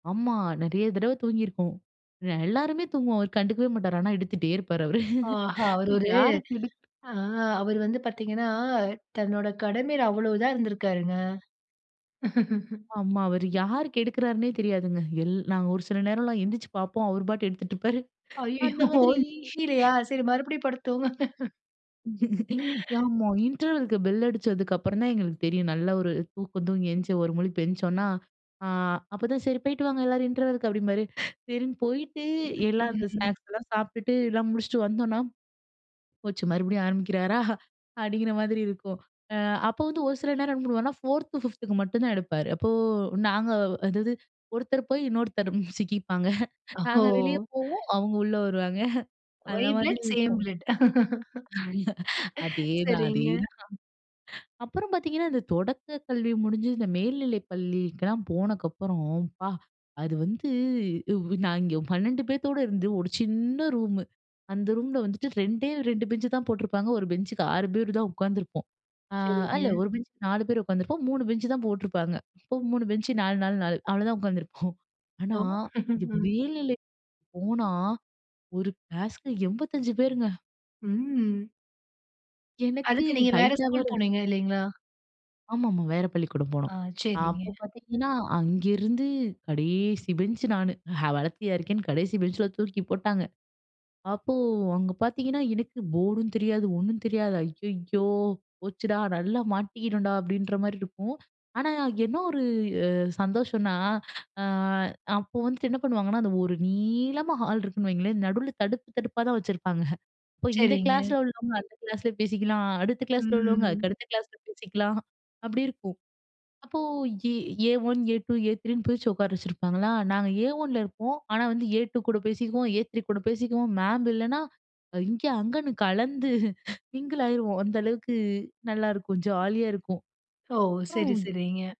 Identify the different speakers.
Speaker 1: ஆமா. நெறைய தடவை தூங்கி இருக்கோம். அ எல்லாருமே தூங்குவோம் அவர் கண்டுக்கவே மாட்டாரு. ஆனா எடுத்துட்டே இருப்பாரு அவரு.
Speaker 2: ஆஹா. அவர் ஒரு
Speaker 1: யாருக்கு எடுக்
Speaker 2: ஆ அவர் வந்து பாத்தீங்கன்னா, தன்னோட கடமையில அவ்வளவுதான் இருந்திருக்காருங்க.
Speaker 1: ஆமா. அவரு யாருக்கு எடுக்கறார்னே தெரியாதுங்க. எல் நாங்க ஒரு சில நேரம் எல்லாம் எந்திச்சு பார்ப்போம். அவர் பாட்டு எடுத்துட்டு இருப்பாரு. அந்த
Speaker 2: அய்யய்யோ!
Speaker 1: மாதிரி
Speaker 2: முடிலையா சரி மறுபடியும் படுத்து தூங்குங்க.
Speaker 1: [unintelligible] இன்டர்வெல்க்கு பெல் அடிச்சதுக்கு அப்புறம் தான் எங்களுக்கு தெரியும் நல்லா ஒரு தூக்கம் தூங்கி எஞ்சு, ஒரு முழிப்பு எஞ்ச்சோனா ஆ அப்பதான் "சரி போயிட்டு வாங்க எல்லாரும் இன்டர்வெல்க்கு." அப்படிம்பாரு. சரின்னு போயிட்டு எல்லாம் அந்த
Speaker 2: ம்.
Speaker 1: ஸ்நாக்ஸ் எல்லாம் சாப்பிட்டுட்டு எல்லாம் முடிச்சுட்டு வந்தோனா, போச்சு மறுபடியும் ஆரம்பிக்கிறாரா அப்படிங்கிற மாதிரி இருக்கும். அ அப்ப வந்து ஒரு சில நேரம் என்ன பண்ணுவான்னா 4த்து, 5த்து மட்டும் தான் எடுப்பாரு. அப்போ நாங்க அதாவது ஒருத்தர் போய் இன்னொருத்தர் சிக்கிப்பாங்க.
Speaker 2: ஓஹோ!
Speaker 1: நாங்க வெளிய போவோம், அவங்க உள்ள வருவாங்க. அந்த
Speaker 2: ஒயி
Speaker 1: மாதிரி
Speaker 2: பிளட் சேம்
Speaker 1: இருக்கும்.
Speaker 2: பிளட்.
Speaker 1: அதேதான்
Speaker 2: சரிங்க.
Speaker 1: அதேதான். அப்புறம் பாத்தீங்கன்னா இந்த தொடக்க கல்வி முடிஞ்சு இந்த மேல்நிலை பள்ளிக்கெல்லாம் போனக்கப்புறம் அப்பா, அது வந்து நாங்க இங்க 12 பேத்தோட இருந்து ஒரு சின்ன ரூம். அந்த ரூம்ல வந்துட்டு 2ஏ 2 பெஞ்ச் தான் போட்டிருப்பாங்க, 1 பெஞ்சுக்கு 6 பேர் தான் உட்கார்ந்து இருப்போம். அ இல்ல
Speaker 2: சரிங்க.
Speaker 1: 1 பெஞ்சுக்கு 4 பேர் உட்கார்ந்து இருப்போம், 3 பெஞ்ச் தான் போட்டிருப்பாங்க. இப்போ 3 பெஞ்ச் 4, 4, 4 அவ்வளவுதான் உட்கார்ந்திருபோம். ஆனா
Speaker 2: ஹலோ.
Speaker 1: இங்க மேல்நிலைப் போனா ஒரு கிளாஸ்க்கு 85 பேருங்க.
Speaker 2: ம்.
Speaker 1: எனக்கு
Speaker 2: அதுக்கு நீங்க வேற ஸ்கூல்
Speaker 1: ஹைட்லவேர.
Speaker 2: போனீங்க இல்லைங்களா?
Speaker 1: ஆமாமா. வேற பள்ளிக்கூடம்
Speaker 2: ஆ,
Speaker 1: போனோம்.
Speaker 2: சரிங்க.
Speaker 1: அப்போ பாத்தீங்கன்னா, அங்கிருந்து கடைசி பெஞ்ச் நானு. நான் வளர்த்தியா இருக்கேன்னு கடைசி பெஞ்ச்ல தூக்கி போட்டாங்க. அப்போ அங்க பாத்தீங்கன்னா எனக்கு போர்டும் தெரியாது ஒண்ணும் தெரியாது. அய்யய்யோ! போச்சுடா நல்லா மாட்டிக்கிட்டோம்டா அப்படின்ற மாரி இருக்கும். ஆனா என்ன ஒரு சந்தோஷம்னா, ஆ அப்போ வந்துட்டு என்ன பண்ணுவாங்கன்னா அந்த ஒரு நீளமா ஹால் இருக்குன்னு வைங்களேன். நடுவுல தடுப்பு தடுப்பா தான் வச்சிருப்பாங்க. அப்போ இந்த
Speaker 2: சரிங்க.
Speaker 1: கிளாஸ்ல உள்ளவங்க அந்த கிளாஸ்ல பேசிக்கலாம், அடுத்த கிளாஸ்ல உள்ளவங்க அதுக்கு
Speaker 2: ம்.
Speaker 1: அடுத்த கிளாஸ்ல பேசிக்கலாம் அப்படி இருக்கும். அப்போ ஏ ஏ1, ஏ2, ஏ3ன்னு பிரிச்சு உட்கார வச்சிருப்பாங்களா நாங்க ஏ1ல இருப்போம். ஆனா வந்து ஏ2 கூட பேசிக்கவும் ஏ3 கூட பேசிக்கவும், மேம் இல்லைன்னா இங்க அங்கன்னு கலந்து மிங்கிள் ஆகிடுவோம். அந்த அளவுக்கு நல்லா இருக்கும் ஜாலியா இருக்கும்.
Speaker 2: ஓ! சரி,
Speaker 1: அப்புறம்
Speaker 2: சரிங்க.